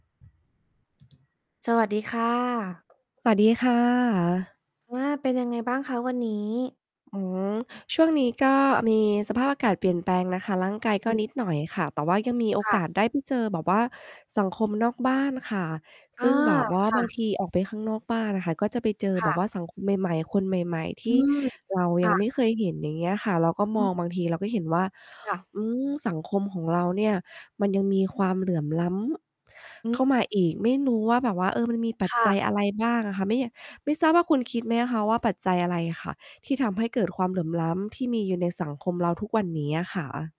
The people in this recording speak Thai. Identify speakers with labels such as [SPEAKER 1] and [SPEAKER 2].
[SPEAKER 1] สวัสดีค่ะ
[SPEAKER 2] สวัสดีค่ะ
[SPEAKER 1] ว่า เป็นยังไงบ้างคะวันนี้?
[SPEAKER 2] อ๋อ ช่วงนี้ก็มีสภาพอากาศเปลี่ยนแปลงนะคะ ร่างกายก
[SPEAKER 1] อ
[SPEAKER 2] ็
[SPEAKER 1] ืม
[SPEAKER 2] นิดหน่อยค่ะ แต่ว่ายังมีโอ
[SPEAKER 1] ค่
[SPEAKER 2] ก
[SPEAKER 1] ะ
[SPEAKER 2] าสได้ไปเจอแบบว่าสังคมนอกบ้านค่ะ
[SPEAKER 1] อ
[SPEAKER 2] ซ
[SPEAKER 1] า
[SPEAKER 2] ึ่งแบบว่า
[SPEAKER 1] ค่
[SPEAKER 2] บาง
[SPEAKER 1] ะ
[SPEAKER 2] ทีออกไปข้างนอกบ้านอะค่ะ ก็จะไปเจอ
[SPEAKER 1] ค
[SPEAKER 2] แบ
[SPEAKER 1] ่
[SPEAKER 2] บ
[SPEAKER 1] ะ
[SPEAKER 2] ว่าสังคมใหม่ ๆ คนใหม่ ๆ ท
[SPEAKER 1] อื
[SPEAKER 2] ี่
[SPEAKER 1] ม
[SPEAKER 2] เรา
[SPEAKER 1] ค
[SPEAKER 2] ยั
[SPEAKER 1] ่
[SPEAKER 2] งไ
[SPEAKER 1] ะ
[SPEAKER 2] ม่เคยเห็น อย่างเงี้ยค่ะ เราก็
[SPEAKER 1] อ
[SPEAKER 2] ม
[SPEAKER 1] ื
[SPEAKER 2] อ
[SPEAKER 1] อ
[SPEAKER 2] งบางที เราก็เห็นว่า
[SPEAKER 1] ค่ะ
[SPEAKER 2] อืม สังคมของเราเนี่ย มันยังมีความเหลื่อมล้ำ
[SPEAKER 1] อ
[SPEAKER 2] เข้
[SPEAKER 1] ือ
[SPEAKER 2] ามาอีก ไม่รู้ว่าแบบว่า เออ มันมีปั
[SPEAKER 1] ค
[SPEAKER 2] จ
[SPEAKER 1] ่
[SPEAKER 2] จัย
[SPEAKER 1] ะ
[SPEAKER 2] อะไรบ้างอะค่ะ ไม่ย่ะ ไม่ทราบว่าคุณคิดไหมอะคะว่า ปัจจัยอะไรค่ะ ที่ทำให้เกิดความเหลื่อมล้ำที่มีอยู่ในสังคมเราทุกวันเนี้ยอะคะ?